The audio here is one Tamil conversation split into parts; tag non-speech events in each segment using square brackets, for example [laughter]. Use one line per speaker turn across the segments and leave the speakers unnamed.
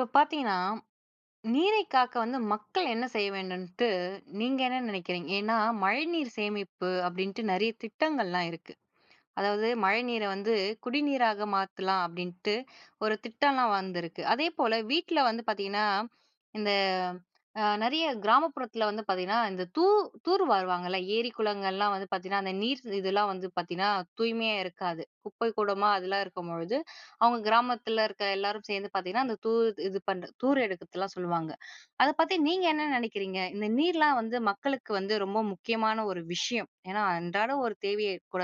இப்ப பார்த்தீங்கன்னா நீரை காக்க வந்து மக்கள் என்ன செய்ய வேண்டுன்ட்டு நீங்க என்ன நினைக்கிறீங்க? ஏன்னா, மழைநீர் சேமிப்பு அப்படின்ட்டு நிறைய திட்டங்கள்லாம் இருக்கு. அதாவது மழைநீரை வந்து, குடிநீராக மாத்துலாம் அப்படின்ட்டு ஒரு திட்டம்லாம் வந்திருக்கு. அதேபோல வீட்ல வந்து பார்த்தீங்கன்னா, இந்த அ நிறைய கிராமப்புறத்தில வந்து பார்த்தீங்கன்னா, இந்த தூ தூர் வாருவாங்கல்ல ஏரி குளங்கள்லாம் வந்து பார்த்தீங்கன்னா அந்த நீர் இதெல்லாம் வந்து பார்த்தீங்கன்னா, தூய்மையா இருக்காது. குப்பை கூளமா அதுல்லாம் இருக்கும்பொழுது, அவங்க கிராமத்துல இருக்க எல்லோரும் சேர்ந்து பார்த்தீங்கன்னா, அந்த தூர் இது பண்ற தூர் எடுக்குறதெல்லாம் சொல்லுவாங்க. அத பத்தி நீங்க என்ன நினைக்கிறீங்க? இந்த நீர்லாம் வந்து மக்களுக்கு வந்து ரொம்ப முக்கியமான ஒரு விஷயம். ஏன்னா அன்றாடம் ஒரு தேவையே கூட.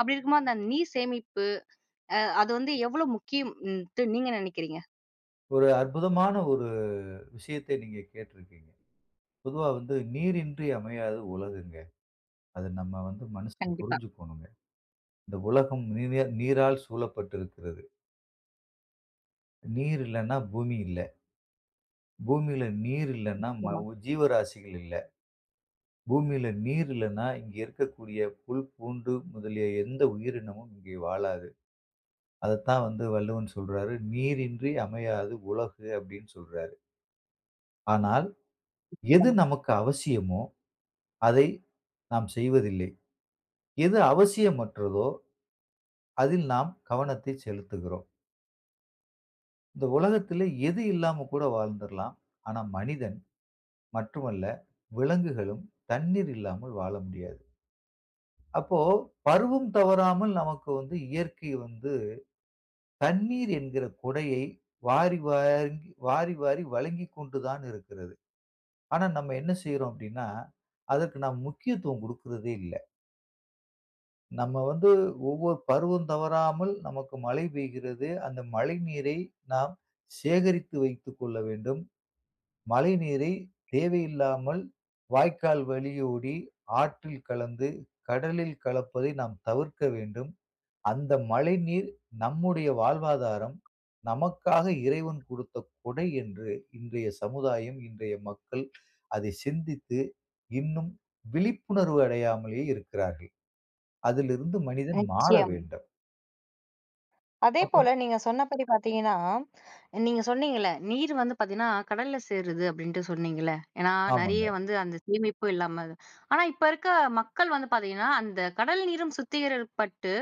அப்படி இருக்கும்போது அந்த நீர் சேமிப்பு அ அது வந்து எவ்வளோ முக்கியம்ட்டு நீங்க நினைக்கிறீங்க?
ஒரு அற்புதமான ஒரு விஷயத்த நீங்க கேட்டிருக்கீங்க. பொதுவா வந்து "நீரின்றி அமையாது உலகுங்க." அத நம்ம வந்து மனுசன்
கண்டிப்பா.
புரிஞ்சுக்கணும்ங்க. இந்த உலகம் நீர நீரால் சூழப்பட்டு இருக்கிறது. நீர் இல்லன்னா, பூமி இல்ல. பூமில நீர் இல்லனா ம
நிச்சியமா.
ஜீவராசிகள் இல்ல. பூமியில் நீர் இல்லனா இங்கு இருக்கக்கூடிய புல், பூண்டு முதலிய எந்த உயிரினமும் இங்கே வாழாது. அதத்தான் வந்து வள்ளுவன் சொல்றாரு. "நீரின்றி அமையாது உலகு" அப்படின்னு சொல்றாரு. ஆனால், எது
நிச்சயமா.
நமக்கு அவசியமோ! அதை நாம் செய்வதில்லை. எது அவசியமற்றதோ! அதில் நாம் கவனத்தை செலுத்துகிறோம். இந்த உலகத்திலே எது இல்லாம கூட வாழ்ந்துருல்லாம். ஆனா மனிதன் மட்டும் அல்ல, விலங்குகளும் தண்ணீர் இல்லாமல் வாழ முடியாது. அப்போ, பருவம் தவறாமல் நமக்கு வந்து இயற்கை வந்து, தண்ணீர் என்கிற கொடையை வாரி, வாரி, வாரி, வாரி வழங்கிக்கொண்டு தான் இருக்கிறது. ஆனா, நம்ம என்ன செய்றோம் அப்பிடின்னா, அதற்கு நாம் முக்கியத்துவம் கொடுக்குறதே இல்ல. நம்ம வந்து ஒவ்வொரு பருவம் தவறாமல் நமக்கு மழை பெய்கிறது. அந்த மழை நீரை நாம் சேகரித்து வைத்துக்கொள்ள வேண்டும். மழை நீரை தேவையில்லாமல் வாய்க்கால் வழியோடி ஆற்றில் கலந்து, கடலில் கலப்பதை நாம் தவிர்க்க வேண்டும். அந்த மழை நீர் நம்முடைய வாழ்வாதாரம், நமக்காக இறைவன் கொடுத்த கொடை என்று இன்றைய சமுதாயம், இன்றைய மக்கள் அதை சிந்தித்து இன்னும் விழிப்புணர்வு அடையாமலே இருக்கிறார்கள். அதிலிருந்து மனிதன் மாற
நிச்சயம்.
வேண்டும். அப்புறம்
அதேபோல நீங்க சொன்னபடி பார்த்தீங்கன்னா, நீங்க சொன்னீங்கல்ல நீர் வந்து பார்த்தீங்கன்னா கடல்ல சேருது அப்பிடின்ட்டு சொன்னீங்கள்ல, ஏன்னா நிறைய
ஆமாங்க.
வந்து அந்த சேமிப்பு இல்லாம அத, ஆனா இப்ப இருக்க மக்கள் வந்து பார்த்தீங்கன்னா, அந்த கடல் நீரும் சுத்திகரிக்கப்பட்டு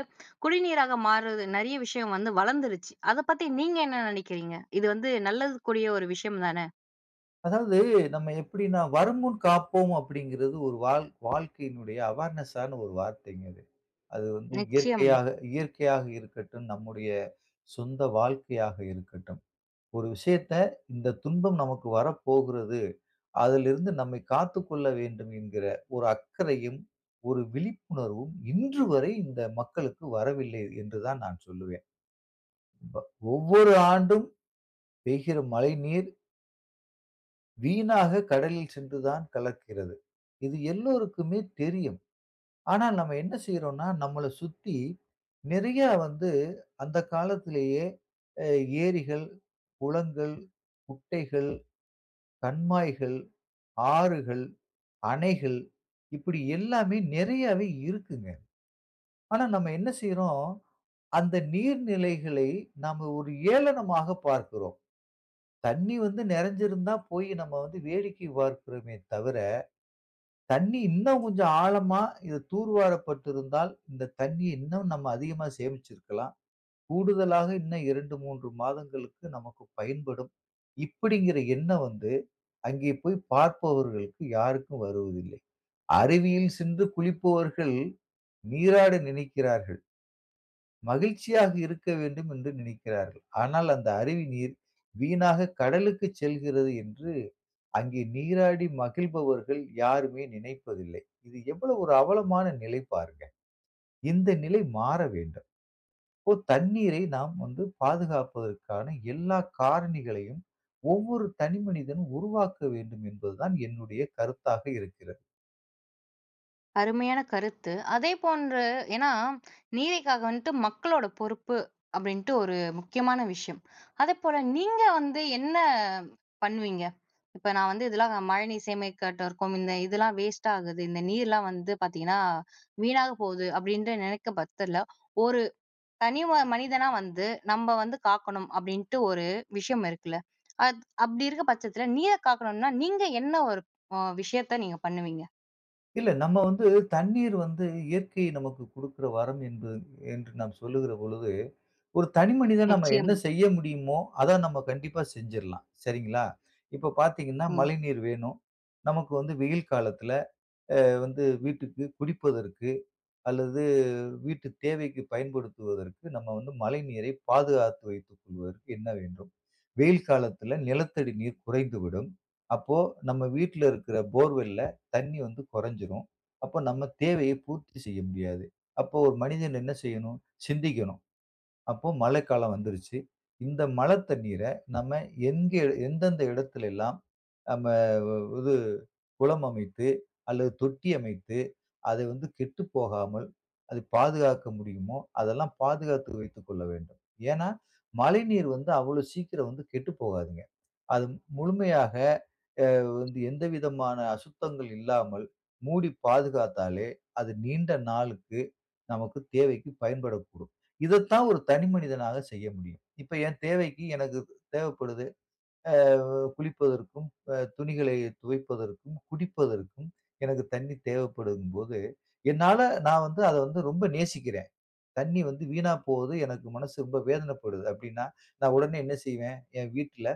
குடிநீராக மாறுறது, நிறைய விஷயம் வந்து வளர்ந்துருச்சு. அத பத்தி நீங்க என்ன நினைக்கிறீங்க? இது வந்து நல்லதுக்குரிய ஒரு விஷயம் தான!
அதாவது நம்ம எப்பிடின்னா, "வருமுன் காப்போம்" அப்பிடிங்கிறது ஒரு வாழ் வாழ்க்கையினுடைய அவேர்னஸ்‌ஸான ஒரு வார்த்தைங்க அது. அது வந்து
நிச்சயம்.
இயற்கையாக, இயற்கையாக இருக்கட்டும், நம்முடைய சொந்த வாழ்க்கையாக இருக்கட்டும். ஒரு விஷயத்த இந்த துன்பம் நமக்கு வரப்போகிறது, அதிலிருந்து நம்மை காத்துக் கொள்ள வேண்டும் என்கிற ஒரு அக்கறையும், ஒரு விழிப்புணர்வும் இன்றுவரை இந்த மக்களுக்கு வரவில்லை என்று தான் நான் சொல்லுவேன். ப ஒவ்வொரு ஆண்டும் பெய்கிற மழைநீர் வீணாக கடலில் சென்று தான் கலக்கிறது. இது எல்லோருக்குமே தெரியும். ஆனால், நம்ம என்ன செய்றோன்னா, நம்மள சுத்தி, நிறைய வந்து அந்த காலத்திலேயே அ ஏரிகள், குளங்கள், குட்டைகள், கண்மாய்கள், ஆறுகள், அணைகள் இப்பிடி எல்லாமே நிறையாவே இருக்குங்க. ஆனா, நம்ம என்ன செய்றோம், அந்த நீர்நிலைகளை நாம ஒரு ஏளனமாக பார்க்கிறோம். தண்ணீ வந்து நிறைஞ்சுருந்தா போய் நம்ம வந்து வேடிக்கை பார்க்கிறோமே தவிர, "தண்ணீ இன்னும் கொஞ்சம் ஆழமா இது தூர்வாரப்பட்டிருந்தால் இந்த தண்ணீ இன்னும் நம்ம அதிகமா சேமிச்சிருக்கலாம். கூடுதலாக இன்னும் 2, 3 மாதங்களுக்கு நமக்கு பயன்படும்." இப்பிடிங்கிற எண்ணம் வந்து அங்கே போய் பார்ப்பவர்களுக்கு யாருக்கும் வருவதில்லை. அருவியில் சென்று குளிப்பவர்கள், நீராட நினைக்கிறார்கள். மகிழ்ச்சியாக இருக்க வேண்டும் என்று நினைக்கிறார்கள். ஆனால் அந்த அருவி நீர், வீணாக கடலுக்கு செல்கிறது என்று அங்கே நீராடி மகிழ்பவர்கள் யாருமே நினைப்பதில்லை. இது எவ்வளவு ஒரு அவலமான நிலை பாருங்க. இந்த நிலை மாறவேண்டும். இப்போ தண்ணீரை நாம் வந்து பாதுகாப்பதற்கான எல்லா காரணிகளையும் ஒவ்வொரு தனி மனிதன் உருவாக்க வேண்டும் என்பது தான் என்னுடைய கருத்தாக இருக்கிறது.
அருமையான கருத்து. அதே போன்ற ஏன்னா நீரிக்காக வந்துட்டு மக்களோட பொறுப்பு, அப்டின்ட்டு ஒரு முக்கியமான விஷயம். அதேப்போல நீங்க வந்து என்ன பண்வீங்க? இப்ப நா வந்து இதல்லாம் மழைநீர் சேமிக்காட்ட இருக்கும். இந்த இதெல்லாம் வேஸ்ட்டாகுது, இந்த நீர்லாம் வந்து பாத்தீங்கன்னா வீணாக போகுது அப்டின்ற, நினைக்கும் பட்சத்துல ஒரு தனி ஒரு மனிதனா வந்து நம்ப வந்து காக்கணும் அப்டின்ட்டு ஒரு விஷயம் இருக்குல்ல! அத் அப்டி இருக்க பட்சத்துல நீர காக்கணும்னா நீங்க என்ன ஒரு வ விஷயத்த நீங்க பண்ணுவீங்க?
இல்ல நம்ம வந்து தண்ணீர் வந்து இயற்கை நமக்கு குடுக்குற வரம் என்று, என்று நாம் சொல்லுகிற பொழுது, ஒரு தனி மனிதனா நம்ம என்ன
நிச்சயம்.
செய்ய முடியுமோ! அத நம்ம கண்டிப்பா செஞ்சிரலாம், சரிங்களா! இப்ப பாத்தீங்கன்னா
ம்.
மழைநீர் வேணும். நமக்கு வந்து வெயில் காலத்துல அ வந்து வீட்டுக்கு குடிப்பதற்கு அல்லது, வீட்டு தேவைக்கு பயன்படுத்துவதற்கு நம்ம வந்து மழைநீரை பாதுகாத்து வைத்து கொள்வதற்கு என்ன வேண்டும்? வெயில் காலத்துல நிலத்தடி நீர் குறைந்துவிடும். அப்போ நம்ம வீட்டுல இருக்குற போர்வெல்‌ல தண்ணீ வந்து கொறந்சுரும். அப்போ நம்ம தேவையை பூர்த்தி செய்ய முடியாது. அப்போ ஒரு மனிதன் என்ன செய்யணும்? சிந்திக்கணும். அப்போ மழைக்காலம் வந்துருச்சு. இந்த மழத் தண்ணீர நம்ம எங்க எந்தெந்த எடத்துல எல்லாம், நம்ம இது குளம் அமைத்து அல்லது தொட்டி அமைத்து அது வந்து கெட்டு போகாமல் அதை பாதுகாக்க முடியுமோ, அதெல்லாம் பாதுகாத்து வைத்துக் கொள்ள வேண்டும். ஏன்னா, மழைநீர் வந்து அவ்ளோ சீக்கிரம் வந்து கெட்டு போகாதுங்க. அது முழுமையாக எ வந்து எந்த விதமான அசுத்தங்கள் இல்லாமல் மூடி பாதுகாத்தாலே அது நீண்ட நாளுக்கு நமக்கு தேவைக்கு பயன்படக்கூடும். இதத்தான் ஒரு தனி மனிதனாக செய்ய முடியும். இப்ப என் தேவைக்கு எனக்கு தேவப்படுது, ஆ குளிப்பதற்கும், அ துணிகளை துவைப்பதற்கும், குடிப்பதற்கும் எனக்கு தண்ணீ தேவப்படுதும் போது, என்னால நான் வந்து அத வந்து ரொம்ப நேசிக்கிறேன். தண்ணீ வந்து வீணா போகுது எனக்கு மனசு ரொம்ப வேதனப்படுது அப்டின்னா, நா உடனே என்ன செய்வேன்? ஏன் வீட்டுல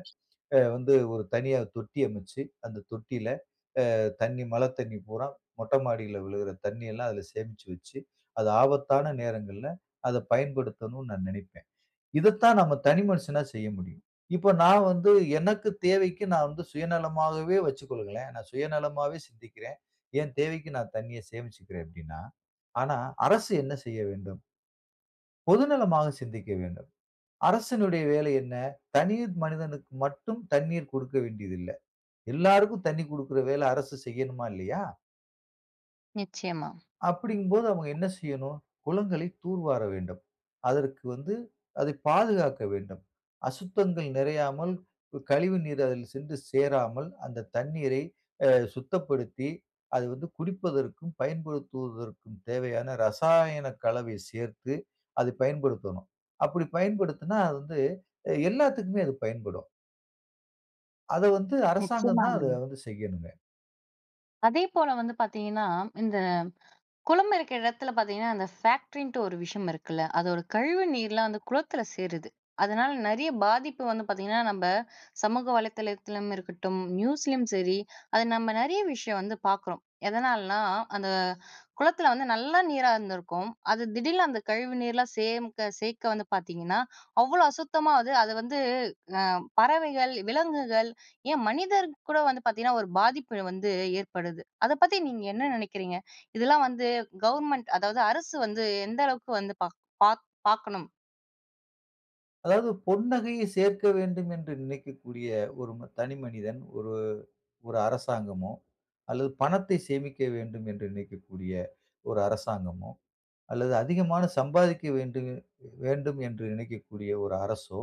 அ வந்து ஒரு தனியா தொட்டி அமச்சு அந்த தொட்டியில அ தண்ணீ மழத் தண்ணீ பூராம் மொட்ட மாடில விழுகுற தண்ணீயெல்லாம் அதுல சேமிச்சு வச்சு, அது ஆபத்தான நேரங்கள்ல அத பயன்படுத்தனும்னு நா நினைப்பேன். இதத்தான் நம்ம தனி மனுஷனா செய்ய முடியும். இப்போ நா வந்து எனக்கு தேவைக்கு நா வந்து சுயநலமாகவே வச்சுக்கொள்ளுங்களேன். நான் சுயநலமாவே சிந்திக்கிறேன். என் தேவைக்கு நா தண்ணீய சேமிச்சுக்குறேன் அப்டின்னா, ஆனா அரசு என்ன செய்ய வேண்டும்? பொதுநலமாக சிந்திக்க வேண்டும். அரசினுடைய வேலை என்ன? தனி மனிதனுக்கு மட்டும் தண்ணீர் கொடுக்க வேண்டியது இல்ல. எல்லாருக்கும் தண்ணீ கொடுக்குற வேல அரசு செய்யணுமா, இல்லையா!
நிச்சயமா.
அப்டிங்கும் போது அவுங்க என்ன செய்யணும், குளங்களை தூர்வார வேண்டும். அதற்கு வந்து அதை பாதுகாக்க வேண்டும். அசுத்தங்கள் நிறையாமல் கு கழிவு நீர் அதில் சென்று சேராமல், அந்த தண்ணீரை அ சுத்தப்படுத்தி அது வந்து குடிப்பதற்கும், பயன்படுத்துவதற்கும் தேவையான ரசாயன கலவை சேர்த்து அதை பயன்படுத்தணும். அப்படி பயன்படுத்தினா, அது வந்து அ எல்லாத்துக்குமே அது பயன்படும். அதை வந்து அரசாங்கம் தான், அதை
நிச்சயமாங்க.
வந்து செய்யணுங்க.
அதேபோல வந்து பார்த்தீங்கணா, இந்த குளம் இருக்கிற இடத்தில பார்த்தீங்கன்னா, அந்த ஃபேக்ட்ரின்ட்டு ஒரு விஷயம் இருக்குல்ல, அதோட கழிவு நீர்லாம் அந்த குளத்தில சேருது. அதனால் நிறைய பாதிப்பு வந்து பார்த்தீங்கன்னா, நம்ப சமூக வலைதளத்திலும் இருக்கட்டும், நியூஸ்லயும் சரி, அது நம்ம நிறைய விஷயம் வந்து பாக்குறோம். எதனாலனா, அந்த குளத்தில வந்து நல்ல நீரா இருந்திருக்கும். அது திடீர்னு அந்த கழிவு நீர்லாம் சேர்க்க சேர்க்க வந்து பார்த்தீங்கன்னா, அவ்ளோ அசுத்தமா அது அது வந்து அ பறவைகள், விலங்குகள் ஏன் மனிதர்க்கு கூட வந்து பார்த்தீங்கன்னா, ஒரு பாதிப்பு வந்து ஏற்படுது. அத பத்தி நீங்க என்ன நினைக்கிறீங்க? இதெல்லாம் வந்து கவர்மெண்ட் அதாவது அரசு வந்து எந்த அளவுக்கு வந்து பாக் பாக் பாக்கணும்?
அதாவது, பொன்னகையை சேர்க்க வேண்டும் என்று நினைக்கக்கூடிய ஒரு தனி மனிதன், ஒரு, ஒரு அரசாங்கமோ அல்லது பணத்தை சேமிக்க வேண்டும் என்று நினைக்கக்கூடிய ஒரு அரசாங்கமோ! அல்லது அதிகமாக சம்பாதிக்க வேண்டு வேண்டும் என்று நினைக்கக்கூடிய ஒரு அரசோ!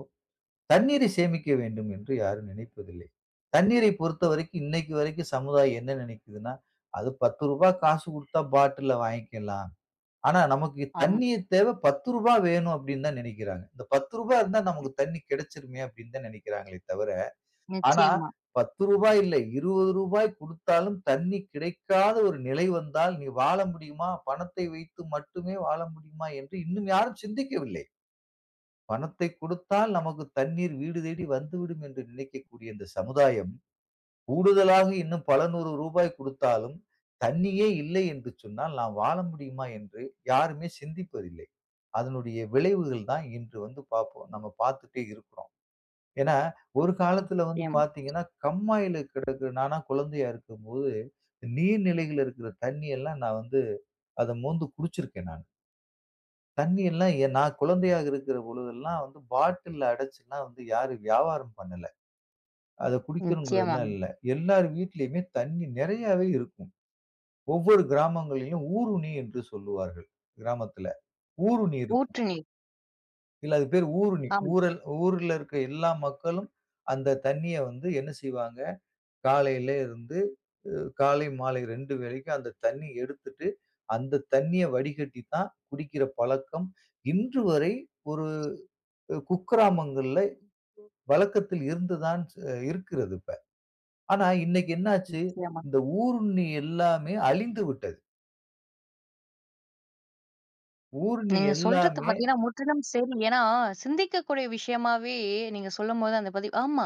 தண்ணீரை சேமிக்க வேண்டும் என்று யாரும் நினைப்பதில்லை. தண்ணீரை பொறுத்தவரைக்கும் இன்னைக்கு வரைக்கும் சமுதாயம் என்ன நினைக்கிதுன்னா, அது 10 ரூபாய் காசு கொடுத்தா பாட்டில்‌ல வாங்கிக்கலாம். ஆனா, நமக்கு
ஆமாம்.
தண்ணீர் தேவை 10 ரூபாய் வேணும் அப்பிடின்னு தான் நினைக்கிறாங்க. இந்த 10 ரூபா இருந்தா
[unintelligible]
நமக்கு தண்ணீ கெடச்சுருமே! அப்பிடின்னு தான் நினைக்கிறாங்களே தவிர, ஆனா
நிச்சயமா.
10 ரூபாய் இல்லை. 20 ரூபாய் கொடுத்தாலும் தண்ணீர் கிடைக்காத ஒரு நிலை வந்தால், நீ வாழ முடியுமா? பணத்தை வைத்து மட்டுமே வாழ முடியுமா? என்று இன்னும் யாரும் சிந்திக்கவில்லை. பணத்தை கொடுத்தால் நமக்கு தண்ணீர் வீடு தேடி வந்துவிடும் என்று நினைக்கக்கூடிய இந்த சமுதாயம், கூடுதலாக இன்னும் பல 100 ரூபாய் கொடுத்தாலும், தண்ணியே இல்லை என்று சொன்னால் நாம் வாழ முடியுமா? என்று யாருமே சிந்திப்பதில்லை. அதனுடைய விளைவுகள் தான் இன்று வந்து பார்க்குறோம். நாம பார்த்துட்டே இருக்கிறோம். ஏன்னா, ஒரு காலத்தில வந்து
நிச்சயம்.
பார்த்தீங்கன்னா, கண்மாயில கிடக்கிற நான்லாம் குழந்தையா இருக்கும்போது நீர் நிலைகள்ல இருக்குற தண்ணீ எல்லாம் நான் வந்து அத மோந்து குடிச்சிருக்கேன் நான். தண்ணீர்லாம் எ நான் குழந்தையாக இருக்கற பொழுது எல்லாம் வந்து பாட்டில்‌ல அடைச்சு எல்லாம் வந்து யாரும் வியாபாரம் பண்ணல. அத குடிக்கணுங்கறதுலாம்
நிச்சயமாங்க.
இல்ல. எல்லார் வீட்டிலேயுமே தண்ணீர் நிறையாவே இருக்கும். ஒவ்வொரு கிராமங்களிலும் ஊருணி என்று சொல்லுவார்கள், கிராமத்துல. ஊருணி இருக்கும்.
ஊற்று நீர்.
இல்ல, அதுக்கு பேரு ஊருணி.
ஆம்.
ஊரல் ஊர்ல இருக்கிற எல்லா மக்களும் அந்த தண்ணீய வந்து என்ன செய்வாங்க? காலையில இருந்து அ காலை, மாலை 2 வேளைக்கு அந்த தண்ணீய எடுத்துட்டு அந்த தண்ணீய வடிகட்டி தான் குடிக்கிற பழக்கம், இன்று வரை ஒரு அ குக்கிராமங்கள்ல பழக்கத்தில் இருந்து தான் அ இருக்கிறது இப்ப. ஆனா, இன்னக்கி என்ன ஆச்சு?
நிச்சயமா.
இந்த ஊருண்ணி எல்லாமே அழிந்துவிட்டது. ஊருண்ணி
நீங்க சொல்றது
எல்லாமே
பார்த்தீங்கன்னா முற்றிலும் சரி. ஏன்னா, சிந்திக்கக்கூடிய விஷயமாவே நீங்க சொல்லும்போது அந்த பதிவு ஆமா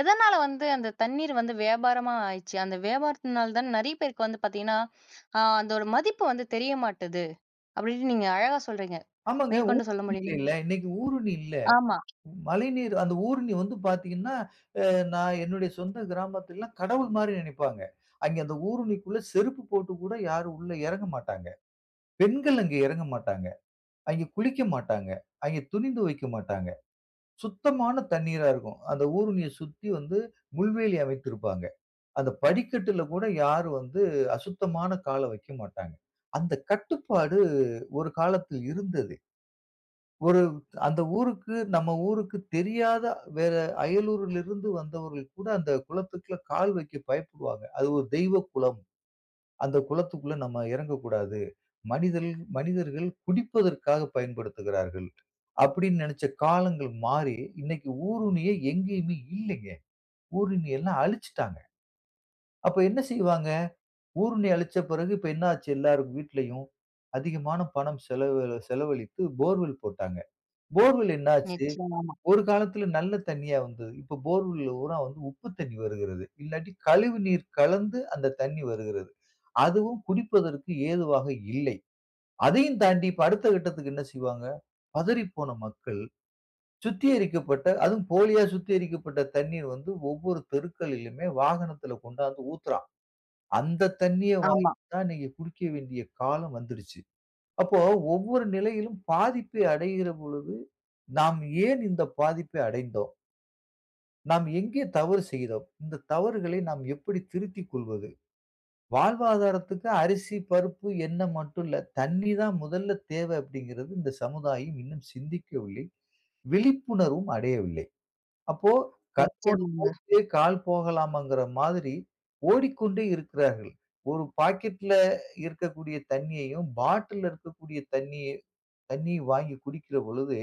எதனால வந்து அந்த தண்ணீர் வந்து வியாபாரமா ஆயிருச்சு? அந்த வியாபாரத்தினால தான் நிறைய பேருக்கு வந்து பார்த்தீங்கன்னா ஆ அந்த ஒரு மதிப்பு வந்து தெரிய மாட்டுது. அப்பிடின்னு நீங்க அழகா சொல்றீங்க!
ஆமாங்க, ஊருணி
மேற்கொண்டு சொல்ல முடியுமா?
[unintelligible] இல்ல. இன்னக்கி ஊருணி இல்ல.
ஆமா.
மழைநீர் அந்த ஊருணி வந்து பார்த்தீங்கன்னா, அ நான் என்னுடைய சொந்த கிராமத்தில எல்லாம் கடவுள்மாரி நினைப்பாங்க. அங்கே அந்த ஊருணிக்குள்ல செருப்பு போட்டு கூட யாரும் உள்ள இறங்க மாட்டாங்க. பெண்கள் அங்க இறங்க மாட்டாங்க. அங்கு குளிக்க மாட்டாங்க. அங்கே துணி துவைக்க மாட்டாங்க. சுத்தமான தண்ணீரா இருக்கும். அந்த ஊருணிய சுத்தி வந்து முள்வேலி அமைத்திருப்பாங்க. அந்த படிக்கட்டில கூட யாரும் வந்து அசுத்தமான கால வைக்கமாட்டாங்க. அந்த கட்டுப்பாடு ஒரு காலத்தில் இருந்தது. ஒரு அந்த ஊருக்கு நம்ம ஊருக்கு தெரியாத வேற அயலூர்ல இருந்து வந்தவர்கள் கூட அந்த குளத்துக்குள்ள கால் வைக்க பயப்படுவாங்க. அது ஒரு தெய்வ குளம். அந்த குளத்துக்குள்ள நம்ம இறங்கக்கூடாது. மனிதல் மனிதர்கள் குடிப்பதற்காக பயன்படுத்துகிறார்கள். அப்பிடின்னு நினச்ச காலங்கள் மாறி இன்னக்கி ஊருணியே எங்கேயுமே இல்லேங்க! ஊருணிய எல்லாம் அழிச்சுட்டாங்க. அப்ப என்ன செய்வாங்க? ஊருணி அழிச்ச பிறகு இப்ப என்ன ஆச்சு எல்லார் வீட்லயும் அதிகமான பணம் செலவ் செலவழித்து போர்வெல் போட்டாங்க. போர்வெல் என்ன ஆச்சு?
நிச்சயமா, ஆமா.
ஒரு காலத்துல நல்ல தண்ணீயா வந்தது. இப்ப போர்வெலல் பூராம் வந்து உப்பு தண்ணீர் வருகிறது. இல்லாட்டி கழிவு நீர் கலந்து அந்த தண்ணீர் வருகிறது. அதுவும் குடிப்பதற்கு ஏதுவாக இல்லை. அதையும் தாண்டி இப்ப அடுத்த கட்டத்திற்கு என்ன செய்வாங்க, பதறிப்போன மக்கள். சுத்திகரிக்கப்பட்ட அதுவும் போலியா சுத்திகரிக்கப்பட்ட தண்ணீர் வந்து ஒவ்வொரு தெருக்களிலுமே வாகனத்துல கொண்டாந்து ஊத்துறான். அந்த தண்ணீய வாங்கி
ஆமா.
தான் இன்னக்கி குடிக்க வேண்டிய காலம் வந்துருச்சு. அப்போ ஒவ்வொரு நிலையிலும் பாதிப்பை அடையிற பொழுது, நாம் ஏன் இந்த பாதிப்பை அடைந்தோம்? "நாம் எங்கே தவறு செய்தோம்? இந்த தவறுகளை நாம் எப்படி திருத்திக் கொள்வது? வாழ்வாதாரத்துக்கு அரிசி, பருப்பு, எண்ண மட்டும் இல்ல, தண்ணீ தான் முதல்ல தேவை," அப்படிங்கிறது இந்த சமுதாயம் இன்னும் சிந்திக்கவில்லை, விழிப்புணர்வும் அடையவில்லை. அப்போ கண் போன
நிச்சயமாங்க.
போக்கிலே கால் போகலாமாங்கிற மாதிரி, ஓடிக்கொண்டே இருக்கிறார்கள். ஒரு பாக்கெட்ல இருக்கக்கூடிய தண்ணீயையும் பாட்டில்ல இருக்கக்கூடிய தண்ணீய, தண்ணீ வாங்கிக் குடிக்கிற பொழுது,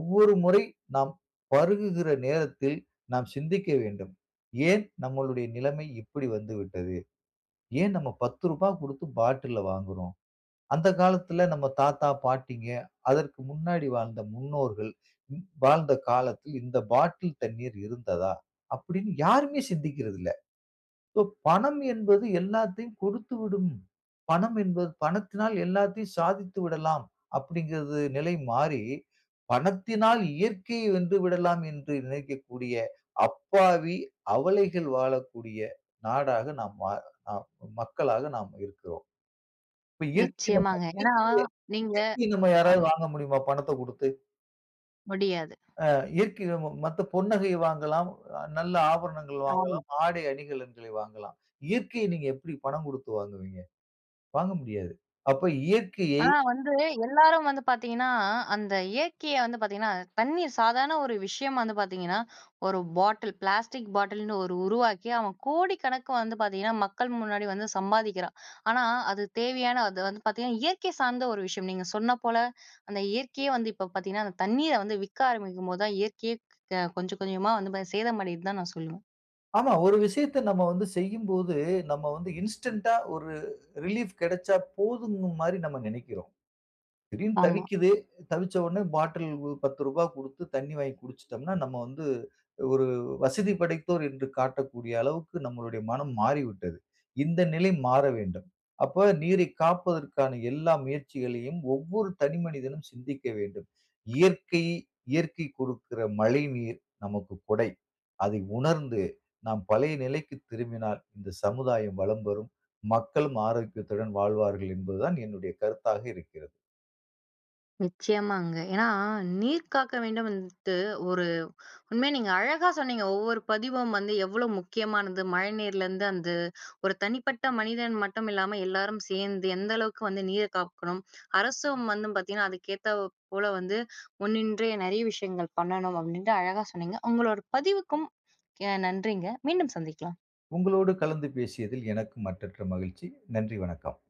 ஒவ்வொரு முறை நாம் பருகுகிற நேரத்தில், நாம் சிந்திக்க வேண்டும். "ஏன் நம்மளுடைய நிலமை இப்படி வந்துவிட்டது? ஏன் நம்ம ரூ. 10 குடுத்து பாட்டில வாங்குறோம்? அந்த காலத்தில நம்ம தாத்தா, பாட்டிங்க. அதற்கு முன்னாடி வாழ்ந்த முன்னோர்கள் வாழ்ந்த காலத்தில் இந்த பாட்டில் தண்ணீர் இருந்ததா?" அப்படின்னு யாருமே சிந்திக்கிறது இல்லை. இப்ப, "பணம் என்பது எல்லாத்தையும் கொடுத்துவிடும். பணம் என்பது பணத்தினால் எல்லாத்தையும் சாதித்து விடலாம்." அப்படிங்கறது நிலை மாறி, "பணத்தினால் இயற்கையை வென்று விடலாம்" என்று நினைக்கக்கூடிய, அப்பாவி, அவலைகள் வாழக்கூடிய நாடாக நாம் வா அ மக்களாக நாம் இருக்கிறோம். இப்ப இயற்கைய நம்ம
நிச்சயமாங்க. ஏன்னா
இயற்கைய
நீங்க
இயற்கைய நம்ம யாராவது
ஆமா.
வாங்க முடியுமா? பணத்த குடுத்து!
முடியாது.
அ இயற்கை [unintelligible] மத்த பொன்நகையை வாங்கலாம், நல்ல ஆபரணங்கள்
ஆமா.
வாங்கலாம், ஆடை அணிகலன்களை வாங்கலாம். இயற்கையை நீங்க எப்டி பணம் கொடுத்து வாங்குவீங்க? வாங்க முடியாது. அப்ப இயற்கையை,
ஆனா வந்து எல்லாரும் வந்து பார்த்தீங்கன்னா, அந்த இயற்கைய வந்து பார்த்தீங்கன்னா, தண்ணீய சாதாரண ஒரு விஷயம் வந்து பார்த்தீங்கன்னா, ஒரு பாட்டில் பிளாஸ்டிக் பாட்டில்னு ஒரு உருவாக்கி, அவன் கோடிக்கணக்கு வந்து பார்த்தீங்கன்னா, மக்கள் முன்னாடி வந்து சம்பாதிக்கிறான். ஆனா அது தேவையான அது வந்து பார்த்தீங்கன்னா, இயற்கை சார்ந்த ஒரு விஷயம். நீங்க சொன்ன போல அந்த இயற்கையே வந்து இப்போ பார்த்தீங்கன்னா, அந்த தண்ணீரை வந்து விற்க ஆரம்பிக்கும் போது தான், இயற்கையே க கொஞ்சம் கொஞ்சமா வந்து பா சேதம் அடையுது தான் நான் சொல்லுவேன்.
ஆமா. ஒரு விஷயத்த நம்ம வந்து செய்யும்போது நம்ம வந்து இன்ஸ்டன்ட்‌டா ஒரு ரிலீஃப் கெடைச்சா போதும் மாரி நம்ம நெனைக்கிறோம். திடீர்னு
ஆமா.
தவிக்குது, தவிச்ச உடனே பாட்டில் ரூ. 10 கொடுத்து தண்ணி வாங்கி குடிச்சுட்டோம்னா, நம்ம வந்து ஒரு வசதி படைத்தோர் என்று காட்டக்கூடிய அளவுக்கு நம்மளுடைய மனம் மாறிவிட்டது. இந்த நிலை மாறவேண்டும். அப்ப நீரை காப்பதற்கான எல்லா முயற்சிகளையும் ஒவ்வொரு தனி மனிதனும் சிந்திக்க வேண்டும். இயற்கை, இயற்கை கொடுக்கிற மழைநீர் நமக்கு கொடை. அதை உணர்ந்து நாம் பழைய நிலைக்கு திரும்பினால் இந்த சமுதாயம் வளம் பெரும். மக்களும் ஆரோக்கியத்துடன் வாழ்வார்கள். என்பது தான் என்னுடைய கருத்தாக இருக்கிறது.
நிச்சயமாங்க. ஏன்னா "நீர் காக்க வேண்டும்" வந்துட்டு ஒரு உண்மையா நீங்க அழகா சொன்னீங்க. ஒவ்வொரு பதிவும் வந்து எவ்வளோ முக்கியமானது. மழை நீரிலிருந்து அந்த ஒரு தனிப்பட்ட மனிதன் மட்டும் இல்லாம எல்லோரும் சேந்து எந்த அளவுக்கு வந்து நீரை காக்கணும், அரசும் வந்து பார்த்தீங்கன்னா அதுக்கேத்தாற் போல வந்து முன்னின்று நிறைய விஷயங்கள் பண்ணணும், அப்படின்ட்டு அழகா சொன்னீங்க. உங்களோட பதிவுக்கும் என் நன்றிங்க. "மீண்டும் சந்திக்கலாம்"
உங்களோடு கலந்து பேசியதில் எனக்கு மற்றற்ற மகிழ்ச்சி. நன்றி வணக்கம்.